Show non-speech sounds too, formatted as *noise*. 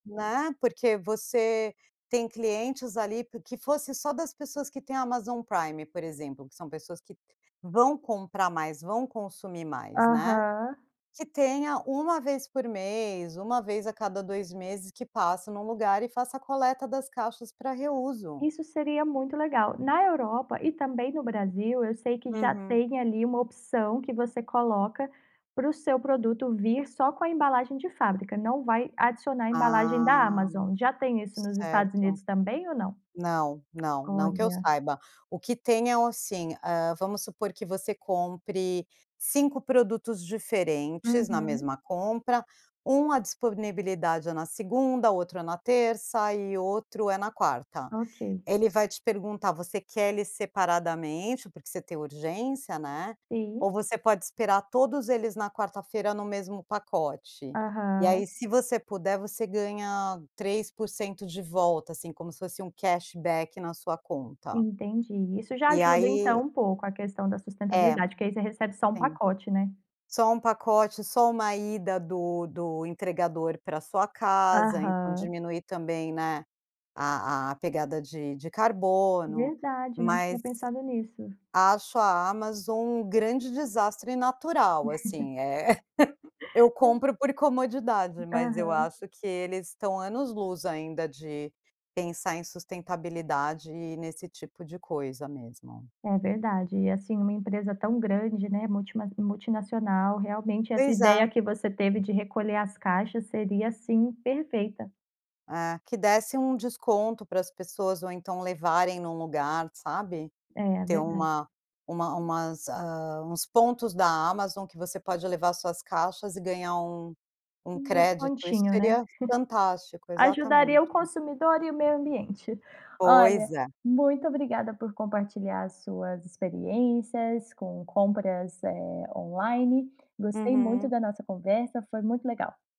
Né, porque você tem clientes ali p que fosse só das pessoas que têm a Amazon Prime, por exemplo, que são pessoas que vão comprar mais, vão consumir mais, né. Aham. Que tenha 1 vez por mês, 1 vez a cada 2 meses que passa num lugar e faça a coleta das caixas para reuso. Isso seria muito legal. Na Europa e também no Brasil eu sei que já Uhum. tem ali uma opção que você coloca pro seu produto vir só com a embalagem de fábrica, não vai adicionar embalagem da Ah. Amazon. Já tem isso nos Estados Certo. Unidos também ou não? Não, não, não que eu Olha. saiba. O que tem é o assim, hã, vamos supor que você compre 5 produtos diferentes na Uhum. mesma compra, 1 a disponibilidade é na segunda, outro na terça e outro é na quarta. Ok. Ele vai te perguntar: "Você quer eles separadamente, porque você tem urgência, né, ou Sim. você pode esperar todos eles na quarta feira no mesmo pacote?". E Aham. aí se você puder, você ganha 3% de volta, assim, como se fosse um cash back na sua conta. Entendi, isso já E ajuda então aí um pouco a questão da É. sustentabilidade, que aí você recebe só um Tem. pacote né? Só 1 pacote, só 1 ida do do entregador para sua casa, então Aham. diminui também, né, a a pegada de de carbono, Verdade, não tinha mas pensado nisso. acho a Amazon um grande desastre natural, *chuckles* assim, eh, *laughs* eu É compro por comodidade, mas eu Aham. acho que eles estão anos luz ainda de pensar em sustentabilidade e nesse tipo de coisa mesmo. É verdade, e, assim, uma empresa tão grande, né, multimas multinacional realmente essa Pois ideia é. que você teve de recolher as caixas seria, assim, perfeita. É, que desse um desconto para as pessoas ou então levarem num lugar, sabe. É, Ter verdade. uma uma umas, hã, uns pontos da Amazon que você pode levar suas caixas e ganhar um um Um crédito, isso descontinho, né, seria *chuckles* fantástico, ajudaria o exatamente. consumidor e o meio ambiente. Olha, Pois é. muito obrigada por compartilhar as suas experiências, com compras, eh, online, gostei muito Uhum. da nossa conversa, foi muito legal.